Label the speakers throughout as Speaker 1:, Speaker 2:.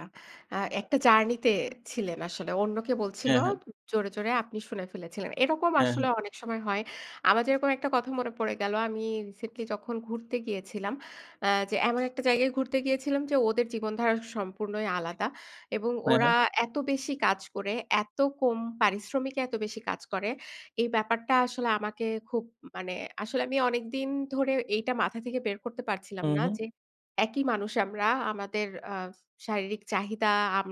Speaker 1: আচ্ছা, এ্যাঁ একটা জার্নি তে, ছিলেন আসলে। অন্যকে বলছিল
Speaker 2: হ্যাঁ, হ্যাঁ।
Speaker 1: জোরে, জোরে আপনি শুনে ফেলেছিলেন। এরকম
Speaker 2: হ্যাঁ,
Speaker 1: আসলে
Speaker 2: হ্যাঁ।
Speaker 1: অনেক সময় হয়। আমার যেরকম একটা কথা মনে পড়ে গেল, আমি রিসেন্টলি যখন ঘুরতে গিয়েছিলাম, এ্যাঁ যে এমন একটা জায়গায় ঘুরতে গিয়েছিলাম যে, ওদের জীবনধারা সম্পূর্ণই আলাদা। এবং
Speaker 2: হ্যাঁ,
Speaker 1: ওরা
Speaker 2: হ্যাঁ।
Speaker 1: এত বেশি কাজ করে, এত কম পারিশ্রমিকে, এত বেশি কাজ করে। এই ব্যাপারটা আসলে আমাকে খুব মানে আসলে আমি অনেকদিন ধরে এইটা মাথা থেকে বের করতে পারছিলাম
Speaker 2: হম,
Speaker 1: না,
Speaker 2: হম।
Speaker 1: যে একই মানুষ আমরা, আমাদের এ্যাঁ শারীরিক চাহিদা, আম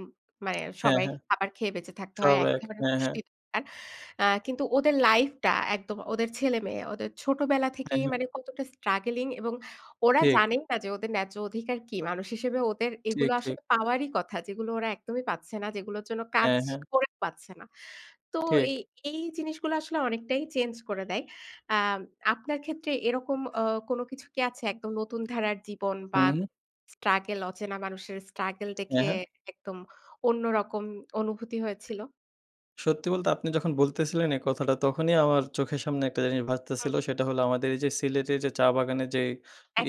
Speaker 1: মানে
Speaker 2: হ্যাঁ,
Speaker 1: সবাই
Speaker 2: হ্যাঁ।
Speaker 1: খাবার খেয়ে বেঁচে থাকতে হয়।
Speaker 2: সব
Speaker 1: একই
Speaker 2: এক,
Speaker 1: ধরনের
Speaker 2: হ্যাঁ, হ্যাঁ।
Speaker 1: পুষ্টি দরকার। এ্যাঁ কিন্তু ওদের লাইফ টা একদম ওদের ছেলেমেয়ে, ওদের ছোটবেলা থেকেই
Speaker 2: একদম।
Speaker 1: মানে কতটা স্ট্রাগলিং এবং ওরা
Speaker 2: ঠিক।
Speaker 1: জানেই না যে, ওদের ন্যায্য অধিকার কি? মানুষ হিসেবে ওদের
Speaker 2: ঠিক,
Speaker 1: এগুলো
Speaker 2: ঠিক।
Speaker 1: আসলে পাওয়ারই কথা। যেগুলো ওরা একদমই পাচ্ছে না। যেগুলোর জন্য কাজ
Speaker 2: হ্যাঁ, হ্যাঁ।
Speaker 1: করে পাচ্ছে না। তো
Speaker 2: ঠিক।
Speaker 1: এই জিনিসগুলো আসলে অনেকটাই চেঞ্জ করে দেয়। এ্যাঁ আপনার ক্ষেত্রে এরকম এ্যাঁ কোন কিছু কি আছে? একদম নতুন ধারার জীবন বা
Speaker 2: হুম।
Speaker 1: স্ট্রাগল অচেনা মানুষের স্ট্রাগল
Speaker 2: হ্যাঁ,
Speaker 1: দেখে,
Speaker 2: হ্যাঁ।
Speaker 1: একদম অন্যরকম অনুভূতি হয়েছিল।
Speaker 2: সত্যি বলতে আপনি যখন বলতেছিলেন এই কথাটা, তখনই আমার চোখের সামনে একটা জিনিস
Speaker 1: হু।
Speaker 2: ভাসতেছিল, সেটা হলো আমাদের এই যে সিলেটের যে চা বাগানের যে,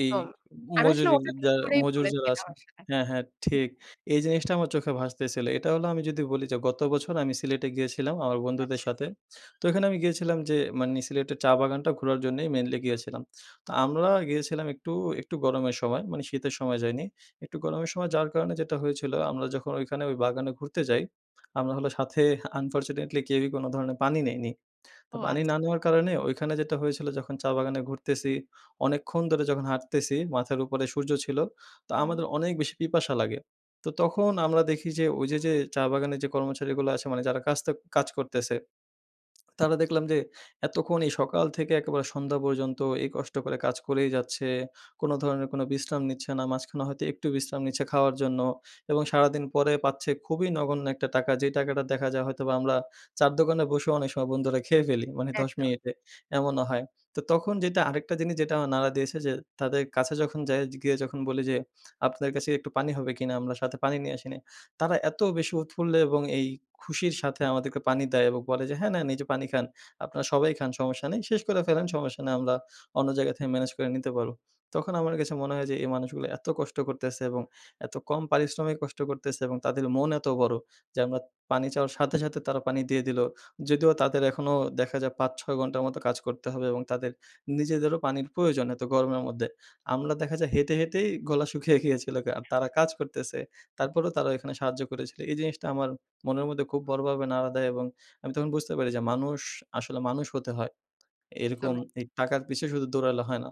Speaker 2: এ্যাঁ
Speaker 1: আমি আসলে
Speaker 2: মজুরি,
Speaker 1: ওটা ঠিক করেই
Speaker 2: মজুর যারা
Speaker 1: বলেছিলাম
Speaker 2: আছেন
Speaker 1: আসলে।
Speaker 2: হ্যাঁ, হ্যাঁ ঠিক, এই জিনিসটা আমার চোখে ভাসতেছিল। এটা হলো আমি যদি বলি যে, গত বছর আমি সিলেটে গিয়েছিলাম আমার বন্ধুদের
Speaker 1: আচ্ছা।
Speaker 2: সাথে। তো এখানে আমি গিয়েছিলাম যে, মানে সিলেটের চা বাগানটা ঘোরার জন্যেই মেইনলি গিয়েছিলাম। তো আমরা গিয়েছিলাম একটু, একটু গরমের সময়, মানে শীতের সময় যাইনি। একটু গরমের সময় যাওয়ার কারণে যেটা হয়েছিল আমরা যখন ঐখানে ওই বাগানে ঘুরতে যাই, আমরা হলো সাথে আনফরচুনেটলি কেউই কোন ধরনের পানি নেইনি। তো
Speaker 1: ও!
Speaker 2: পানি
Speaker 1: আচ্ছা।
Speaker 2: না নেওয়ার কারণে ওইখানে যেটা হয়েছিল, যখন চা বাগানে ঘুরতেছি অনেকক্ষণ ধরে যখন হাঁটতেছি, মাথার উপরে সূর্য ছিল, তো
Speaker 1: হম।
Speaker 2: আমাদের অনেক বেশি পিপাসা লাগে। তো তখন আমরা দেখি যে ওই যে, যে চা বাগানের যে কর্মচারীগুলো আছে মানে যারা কাজটা, কাজ করতেছে, তারা দেখলাম যে, এতক্ষণ এই সকাল থেকে একেবারে সন্ধ্যা পর্যন্ত এই কষ্ট করে কাজ করেই যাচ্ছে, কোনো ধরনের কোনো বিশ্রাম নিচ্ছে না মাঝখানে হয়তো একটু বিশ্রাম নিচ্ছে খাওয়ার জন্য এবং সারাদিন পরে পাচ্ছে খুবই নগণ্য একটা টাকা, যে টাকাটা দেখা যায়, হয়তোবা আমরা চা-র দোকানে বসে অনেক সময় বন্ধুরা খেয়ে ফেলি, মানে ১০
Speaker 1: একদম।
Speaker 2: মিনিটে, এমনও হয়, তো তখন যেটা, আরেকটা জিনিস যেটা আমার নাড়া দিয়েছে যে, তাদের কাছে যখন, যাই গিয়ে যখন বলি যে, "আপনাদের কাছে একটু পানি হবে কিনা? আমরা সাথে পানি নিয়ে আসি নাই," তারা এত বেশি উৎফুল্ল এবং এই খুশির সাথে আমাদেরকে পানি দেয় এবং বলে যে, "হ্যাঁ, নেন এই যে পানি খান, আপনারা সবাই খান সমস্যা নেই, শেষ করে ফেলেন, সমস্যা নেই, আমরা অন্য জায়গা থেকে ম্যানেজ করে নিতে পারব।" তখন আমার কাছে মনে হয় যে, এই মানুষগুলো এত কষ্ট করতেছে এবং এত কম পারিশ্রমিক কষ্ট করতেছে এবং তাদের মন এত বড়ো, যে আমরা পানি চাওয়ার সাথে, সাথে তারা পানি দিয়ে দিলো, যদিও তাদের এখনো দেখা যায় ৫-৬ ঘণ্টা মতো কাজ করতে হবে এবং তাদের নিজেদেরও পানির প্রয়োজন, এত গরমের মধ্যে আমরা দেখা যায়, হেঁটে, হেঁটেই গলা শুকিয়ে গিয়েছিলো আর তারা কাজ করতেছে তারপরেও তারা এখানে সাহায্য করেছিলো, এই জিনিসটা আমার মনের মধ্যে খুব বড়োভাবে নাড়া দেয় এবং আমি তখন বুঝতে পারি যে, মানুষ আসলে মানুষ হতে হয়, এরকম
Speaker 1: একদমই।
Speaker 2: এই টাকার পিছে শুধু দৌড়ালে হয় না।